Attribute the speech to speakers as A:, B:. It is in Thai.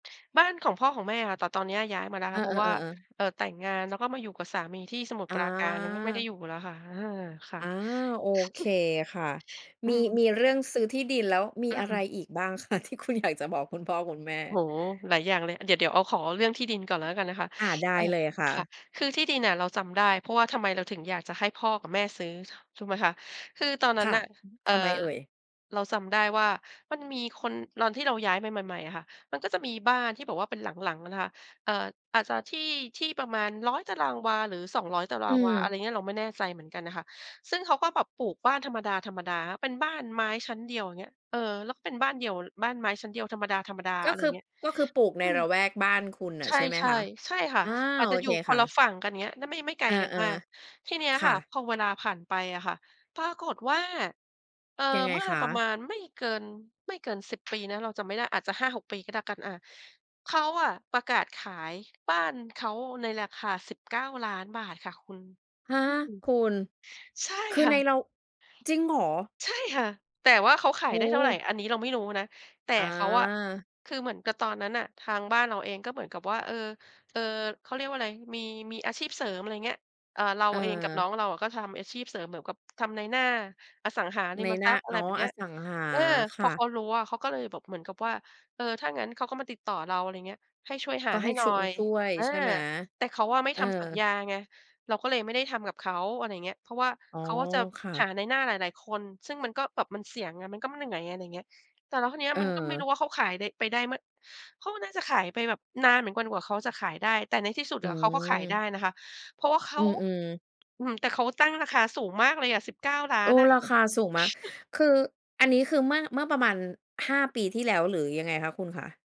A: บ้านของพ่อของแม่ค่ะ แต่ตอนเนี้ยย้ายมาแล้ว
B: เอ
A: ค
B: อ
A: ่ะ เพราะว่า
B: ๆ ๆ ๆ
A: เอ่อ แต่งงานแล้วก็มาอยู่กับสามีที่สมุทร
B: อ
A: ปราการ นั้นก็ไม่ได้
B: า
A: อยู่แล้วค่ะ อา ค่ะ
B: อา โอเคค่ะ
A: อ
B: ม
A: ื
B: ี
A: ม
B: มีเรื่องซื้อที่ดินแล้ว มี
A: อื
B: อะไร
A: ม
B: อีกบ้าง คะที่คุณ อยากจะบอกคุณพ่อคุณแม่?
A: โอ้โฮ หลายอย่างเลย เดี๋ยว เดี๋ยวเอา ขอเรื่องที่ดินก่อนแล้วกันนะคะ
B: อา ได้
A: อ่า
B: เลยค่
A: ค่
B: ะ
A: ะ คือที่ดินอะ เราจำได้เพราะว่าทำไมเราถึงอยากจะให้พ่อกับแม่ซื้อ ถ ถูกไหมคะ คือตอนนั
B: ค
A: ้น
B: ่ะ
A: น่ะ เอ่
B: ท
A: อ
B: ำไมเอ่ย?
A: เราจำได้ว่ามันมีคน ตอนที่เราย้ายไปใหม่ ๆ อะค่ะ มันก็จะมีบ้านที่แบบว่าเป็นหลัง ๆ นะคะ เอ่อ อาจจะที่ ที่ประมาณ 100 ตารางวา หรือ 200 ตาร
B: อื
A: างวา อะไ
B: ม
A: รอย่างเงี้ย เราไม่แน่ใจเหมือนกันน่ะค่ะ ซึ่งเขาก็แบบปลูกบ้านธรรมดา ๆ เป็นบ้านไม้ชั้นเดียว อย่างเงี้ย เออ แล้วก็เป็นบ้านเดี่ยว ล บ้านไม้ชั้นเดียวธรรมดา
B: ก
A: ๆ อ
B: ็
A: ะไร
B: ค
A: อย
B: ื
A: ่
B: อ
A: างเงี้ย
B: ก็คือปลูกใน
A: อืม
B: ละแวกบ้านคุณน่
A: ใ
B: ะ
A: ช
B: ใช่ไหม
A: ่
B: คะ?
A: ๆ ใช่ค่ะ
B: อา
A: อาจ
B: โอ
A: จะอย
B: เค
A: ู่ค
B: ค
A: น
B: ่
A: ละ
B: ะ
A: ฝั่งกัน อย่างเงี้ย ด ไม่ ไม่ไก
B: เ
A: ล
B: ออ
A: กันมาก ทีเนี้ย
B: ๆ ค
A: ค
B: ่
A: ่ะ
B: ะ
A: พอเวลาผ่านไปอะค่ะ ปรากฏว่า เอ่อ
B: ยังไง
A: เมื่อ
B: คะ?
A: ประมาณไม่เกิน ไม่เกิน 10 ปีนะ เราจำไม่ได้ อาจจะ 5-6 ปีก็แล้วกัน อ่า เขาอะประกาศขายบ้านเขาในราคา ฿19,000,000 ค่ะคุณ
B: ฮะ
A: อืม
B: คุณ
A: ใช่
B: คือ
A: ค่
B: ใน
A: ะ
B: เรา จริงเหรอ?
A: ใช่ค่ะ แต่ว่าเขาข
B: โ
A: า
B: อ
A: ยได้เท่าไร
B: ้
A: อันนี้เราไม่รู้นะ แต่
B: อา
A: เขาอะ คือเหมือนกับตอนนั้นน่ะ ทางบ้านเราเองก็เหมือนกับว่า เออ เออ เขาเรียกว่าอะไร มี มีอาชีพเสริม อะไรอย่างเงี้ย เอ่อ เรา
B: เ
A: เองกับน
B: ออ
A: ้องเราอะก็ทำอาชีพเสริมเหมือนกับ ทำนายหน้าอสังหาริ
B: นา
A: ม
B: ยหน
A: ท
B: ้
A: ร
B: า
A: ัพย์ อะ
B: อ
A: ไ
B: ๋
A: ร
B: อ
A: แบบเน
B: อ
A: ี้ย
B: สังหา
A: เออ
B: ค
A: พ
B: ่
A: อเข
B: ะ
A: ารู้อะ เขาก็เลยแบบเหมือนกับว่า เออ ถ้างั้นเขาก็มาติดต่อเรา อะไรอย่างเงี้ย ให้ช่วยห
B: ก
A: า
B: ็ใ
A: ใ
B: ห
A: ห้
B: ้
A: หน
B: ช
A: ่อ
B: ง
A: ย
B: ช่วย
A: อา
B: ใช่ไหม?
A: แต่เขาอะไม่
B: เอ
A: ท
B: อ
A: ำสัญญาไง เราก็เลยไม่ได้ทำกับเขา อะไรอย่างเงี้ย เพราะว่า
B: อ๋อ
A: เขาก็จะ
B: ค่ะ
A: หานายหน้าหลาย ๆ คน ซึ่งมันก็แบบมันเสี่ยงไง มันก็ ม เหนื่อย อะไรอย่างเงี้ย แต่แล้วคราวเนี้ย
B: เ
A: มันก็ไม่
B: อ
A: ร
B: อ
A: ู้ว่าเขาขายไป ไปได้ ม เขาก็น่าจะขายไปแบบ นานเหมือนกวนกว่าเขาจะขายได้ แต่ในที่สุด
B: อื
A: อะเขาก็ขายได้
B: ม
A: นะคะ เพราะว่าเข
B: อื
A: า
B: ม ๆ
A: อือฮึ แต่เขาตั้งราคาสูงมากเลยอะ สิบเก้าล้า
B: โอ้
A: น อะ
B: ราคาสูงมาก คือ อันนี้คือเมื่อ เมื่อประมาณ 5 ปีที่แล้ว หรือยังไงคะคุณคะ?